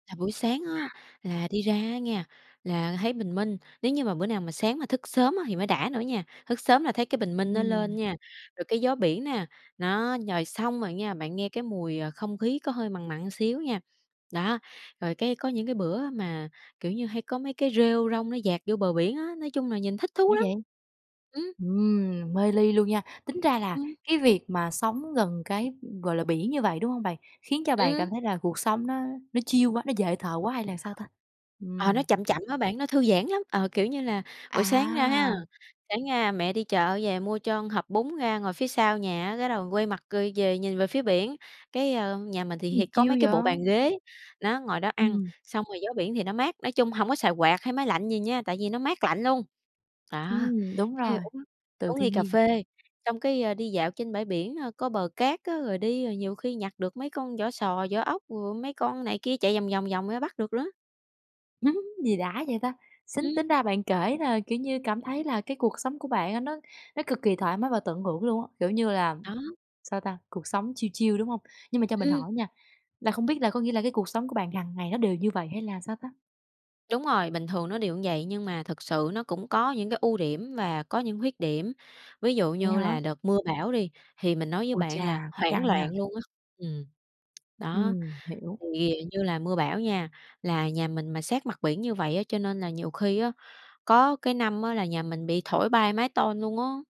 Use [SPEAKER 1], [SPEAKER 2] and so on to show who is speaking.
[SPEAKER 1] Là buổi sáng á, là đi ra á nghe, là thấy bình minh. Nếu như mà bữa nào mà sáng mà thức sớm á thì mới đã nữa nha. Thức sớm là thấy cái bình minh nó lên
[SPEAKER 2] Ừm.
[SPEAKER 1] nha, rồi cái gió biển nè, đó, rồi xong rồi nha, bạn nghe cái mùi, à, không khí có hơi mặn mặn xíu nha. Đó, rồi cái có những cái bữa mà, kiểu như, hay có mấy cái rêu rong nó dạt vô bờ biển á, nói chung là nhìn thích thú
[SPEAKER 2] Đã
[SPEAKER 1] lắm.
[SPEAKER 2] vậy!
[SPEAKER 1] Ừm.
[SPEAKER 2] Ừm, mê ly luôn nha! Tính ra là
[SPEAKER 1] Ừm.
[SPEAKER 2] cái việc mà sống gần cái, ừm, gọi là, biển như vậy, đúng hông bạn? Khiến cho bạn cảm
[SPEAKER 1] Ừm.
[SPEAKER 2] thấy là cuộc sống nó nó chill quá, nó dễ thở quá hay là sao ta?
[SPEAKER 1] Ờ, nó
[SPEAKER 2] Ừm.
[SPEAKER 1] chậm chậm á bạn, nó thư giãn lắm. Ờ, kiểu như là, buổi sáng ra ha,
[SPEAKER 2] À!
[SPEAKER 1] sáng ra mẹ đi chợ về mua cho hộp bún ra ngồi phía sau nhà á, cái đầu quay mặt, ơ, về nhìn về phía biển. Cái, ơ, nhà mình thì
[SPEAKER 2] Gì
[SPEAKER 1] hì có
[SPEAKER 2] chill
[SPEAKER 1] mấy cái bộ
[SPEAKER 2] vậy?
[SPEAKER 1] bàn ghế, nó, ngồi đó ăn,
[SPEAKER 2] Ừm.
[SPEAKER 1] xong rồi gió biển thì nó mát, nói chung hổng có xài quạt hay máy lạnh gì nha, tại vì nó mát lạnh luôn. Đó,
[SPEAKER 2] Ừm, đúng
[SPEAKER 1] cái
[SPEAKER 2] rồi,
[SPEAKER 1] uống
[SPEAKER 2] từ
[SPEAKER 1] uống ly
[SPEAKER 2] thiên
[SPEAKER 1] cà
[SPEAKER 2] nhiên.
[SPEAKER 1] phê, xong cái, a, đi dạo trên bãi biển, ơ, có bờ cát á, rồi đi rồi nhiều khi nhặt được mấy con vỏ sò, vỏ ốc, rồi mấy con này kia chạy vòng vòng vòng ra bắt được nữa.
[SPEAKER 2] Gì đã vậy ta? Sính
[SPEAKER 1] Ừm.
[SPEAKER 2] tính ra bạn kể là, kiểu như, cảm thấy là cái cuộc sống của bạn á nó nó cực kỳ thoải mái và tận hưởng luôn á. Kiểu như là,
[SPEAKER 1] Đó.
[SPEAKER 2] sao ta, cuộc sống chill chill, đúng hông? Nhưng mà cho mình
[SPEAKER 1] Ưm.
[SPEAKER 2] hỏi nha, là không biết là có nghĩa là cái cuộc sống của bạn hằng ngày nó đều như vậy hay là sao ta?
[SPEAKER 1] Đúng rồi, bình thường nó đều như vậy, nhưng mà thực sự nó cũng có những cái ưu điểm và có những khuyết điểm. Ví dụ
[SPEAKER 2] Vậy
[SPEAKER 1] như
[SPEAKER 2] hả?
[SPEAKER 1] là đợt mưa bão đi, thì mình nói với
[SPEAKER 2] Ôi
[SPEAKER 1] bạn là
[SPEAKER 2] cha, cũng
[SPEAKER 1] hoảng
[SPEAKER 2] căng
[SPEAKER 1] loạn
[SPEAKER 2] nha.
[SPEAKER 1] luôn á. Ừm, đó.
[SPEAKER 2] Ừm, hiểu.
[SPEAKER 1] Thì như là mưa bão nha, là nhà mình mà sát mặt biển như vậy á, cho nên là nhiều khi á, có cái năm á là nhà mình bị thổi bay mái tôn luôn á.